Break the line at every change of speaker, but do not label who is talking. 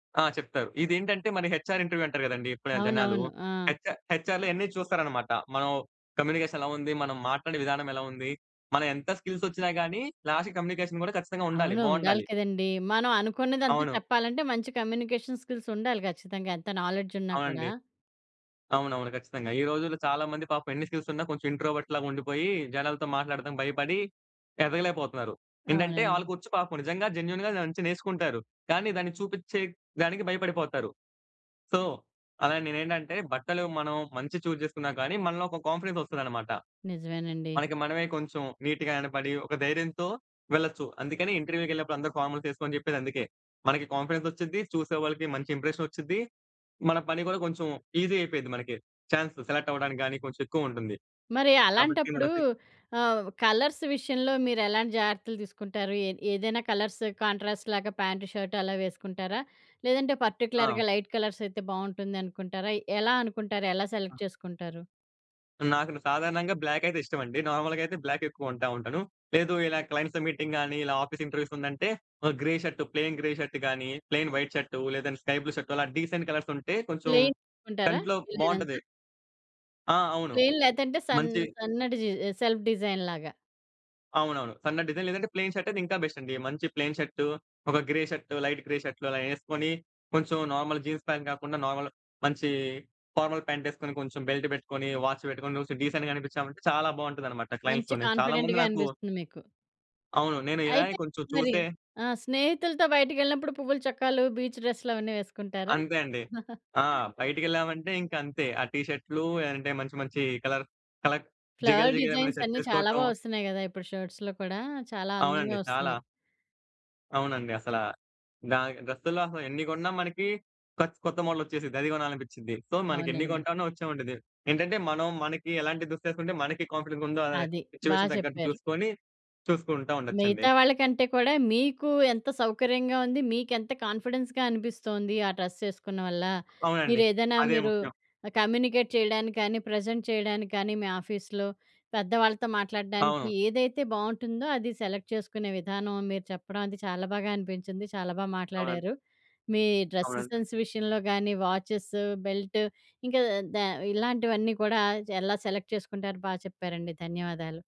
ఆ! చెప్తారు. ఇదేంటంటే మన హెచ్‌ఆర్ ఇంటర్వ్యూ అంటారు గదండీ ఇప్పుడా జనాలు.
అవునవును. ఆ!
హెచ్‌ఆర్ హెచ్‌ఆర్‌లో ఇయన్ని చూస్తారనమాట. మనం కమ్యూనికేషన్ ఎలా ఉంది? మనం మాట్లాడే విధానం ఎలా ఉంది? మనం ఎంత స్కిల్స్ ఒచ్చినా గాని, లాస్ట్‌కి కమ్యూనికేషన్ గూడా ఖచ్చితంగా ఉండాలి.
అవును ఉండాలి
బావుండాలి.
కదండీ. మనం అనుకున్నదంతా
అవును.
చెప్పాలంటే మంచి కమ్యూనికేషన్ స్కిల్స్ ఉండాలి ఖచ్చితంగా ఎంత నాలెడ్జ్ ఉన్నా కూడా.
అవునండి. అవునవును. ఖచ్చితంగా. ఈ రోజుల్లో చాలా మంది పాపం ఎన్ని స్కిల్స్ ఉన్నా కొంచెం ఇంట్రోవర్ట్ లాగా ఉండిపోయి. జనాలతో మాట్లాడటం భయపడి ఎదగలేక పోతన్నారు. ఏంటంటే
అవునండి.
ఆళ్లకొచ్చు పాపం నిజంగా జెన్యూన్‌గా దాన్నించి నేర్చుకుంటారు. కానీ దాన్ని చూపిచ్చే దానికి భయపడిపోతారు. సో, అలా నేనేంటంటే బట్టలు మనం మంచియి చూజ్ జేసుకున్నా గానీ, మనలో ఒక కాన్ఫిడెన్స్ ఒస్తదన్నమాట.
నిజమేనండి.
మనకి మనమే కొంచెం నీట్‌గా కనపడి ఒక ధైర్యంతో వెళ్లొచ్చు. అందుకని ఇంటర్వ్యూ‌కెళ్ళినప్పుడు అందరూ ఫార్మల్స్ ఏసుకో అని జెప్పేది అందుకే. మనకి కాన్ఫిడెన్స్ ఒచ్చిద్ది. చూసే వాళ్ళకి మంచి ఇంప్రెషన్ ఒచ్చి‌ద్ది. మన పని గూడా కొంచెం ఈజీ అయిపోయిద్ది మనకి. చాన్స్ సెలెక్ట్ అవ్వడానికి గాని కొంచెం ఎక్కువుంటుంది.
మరి
కాబట్టి
అలాంటప్పుడు
మనకి
ఆహ్, కలర్స్ విషయంలో మీరు ఎలాంటి జాగ్రత్తలు తీసుకుంటారు? ఏ ఏదైనా కలర్స్ కాంట్రాస్ట్ లాగా ప్యాంట్ షర్ట్ అలా వేసుకుంటారా? లేదంటే
ఆ!
పర్టిక్యులర్‌గా లైట్ కలర్స్ అయితే బావుంటుందనుకుంటారయి. ఎలా అనుకుంటారు? ఎలా
ఆ!
సెలెక్ట్ చేసుకుంటారు?
నాకును సాధారణంగా బ్లాక్ అయితే ఇష్టమండి. నార్మల్‌గా అయితే బ్లాక్ ఎక్కువ కొంటా ఉంటాను. లేదు ఇలా క్లయింట్స్‌తో మీటింగ్ గాని, ఇలా ఆఫీస్ ఇంటర్వ్యూస్ ఉందంటే, ఆహ్, grey shirt plain grey shirt గాని, ప్లెయిన్ వైట్ షర్టు, లేదంటే స్కై బ్లూ షర్ట్ అలా డీసెంట్ కలర్స్ ఉంటే కొంచెం
ప్లెయిన్ కొంటారా
కంట్లో
వీలైనంత?
బావుంటది. ఆ! అవును.
ప్లెయిన్ లేదంటే సన్
మంచియి
సన్న డిజైన్ సెల్ఫ్ డిజైన్ లాగా.
అవునవును. సన్న డిజైన్. లేదంటే ప్లె‌యిన్ షర్ట‌యితే ఇంకా బెస్ట్ అండి. మంచి ప్లెయిన్ షర్ట్, ఒక గ్రే షర్ట్, లైట్ గ్రే షర్ట్‌లు అలా ఏసుకొని, కొంచెం నార్మల్ జీన్స్ ప్యాంట్ కాకుండా నార్మల్ మంచి ఫార్మల్ ప్యాంట్ ఏసుకొని, కొంచెం బెల్ట్ పెట్టుకొని, వాచ్ బెట్టుకొని, కొంచెం డీసెంట్‌గా అనిపిచ్చా‌వంటే చాలా బావుంటదన్నమాట
మంచి
క్లయింట్స్‌తోనే. చాలా మంది
కాన్ఫిడెంట్‌గా
నాకు
అనిపిస్తుంది మీకు.
అవును. నేను ఇలానే
అయితే
కొంచెం
మరి
చూసే
ఆ! స్నేహితులతో బయటికెళ్ళినప్పుడు పువ్వుల చొక్కాలు, బీచ్ డ్రెస్‌లు అవన్నీ వేసుకుంటారా?
అంతే అండి. ఆ! బయటికెళ్ళామంటే ఇంక అంతే. ఆ టీ షర్ట్‌లు లేదంటే మంచి మంచి కలర్ కలర్ జిగేల్
ఫ్లవర్
జిగేల్‌మనే
డిజైన్స్
షర్ట్
అన్ని చాలా
ఏ‌సుకోటం.
బా ఒస్తున్నాయి గదా! ఇప్పుడు షర్ట్స్‌లో కూడా. చాలా అందంగా
అవునండి. చాలా
ఒస్తున్నయి.
అవునండి. అసలా దానికి డ్రెస్సుల్లో అసలు ఎన్ని గొన్నా మనకి కొత్ కొత్త మోడ‌లొచ్చేసిద్ది. అది గొనాలని‌పిచ్చిద్ది. సో, మనకెన్ని
అవునండి.
గొంటానో ఒచ్చావండిది. ఏంటంటే మనం మనకి ఎలాంటి దుస్తే‌సుకుంటే మనకి కాన్ఫిడెన్స్ ఉందా
అది. బా
సిట్యుయేషన్ దగ్గట్టు
జెప్పారు.
జూసుకొని చూసుకుంటా ఉండొచ్చండి.
మిగతా వాళ్ళకంటే కూడా మీకు ఎంత సౌకర్యంగా ఉంది, మీకెంత కాన్ఫిడెన్స్‌గా అనిపి‌స్తోంది. ఆ డ్రెస్ ఏసుకున్న వల్ల
అవునండి.
మీరేదన్నా
అదే
మీరు
ముఖ్యం.
ఆహ్, కమ్యూనికేట్ చేయడానికి కానీ, ప్రెజెంట్ చేయడానికి కానీ, మీ ఆఫీస్‌లో పెద్దవాళ్ళతో మాట్లాడ్డానికి
అవును.
ఏదైతే బావుంటుందో అది సెలెక్ట్ చేసుకునే విధానం మీరు చెప్పడం అది చాలా బాగా అనిపించింది. చాలా బా
అవునన్
మాట్లాడారు. మీ డ్రెస్
అవునండి.
సెన్స్ విషయంలో గానీ, వాచ్చె‌స్, బెల్ట్ ఇంకా దా ఇలాంటివన్నీ కూడా ఎలా సెలెక్ట్ చేసుకుంటారు బా చెప్పారండి. ధన్యవాదాలు.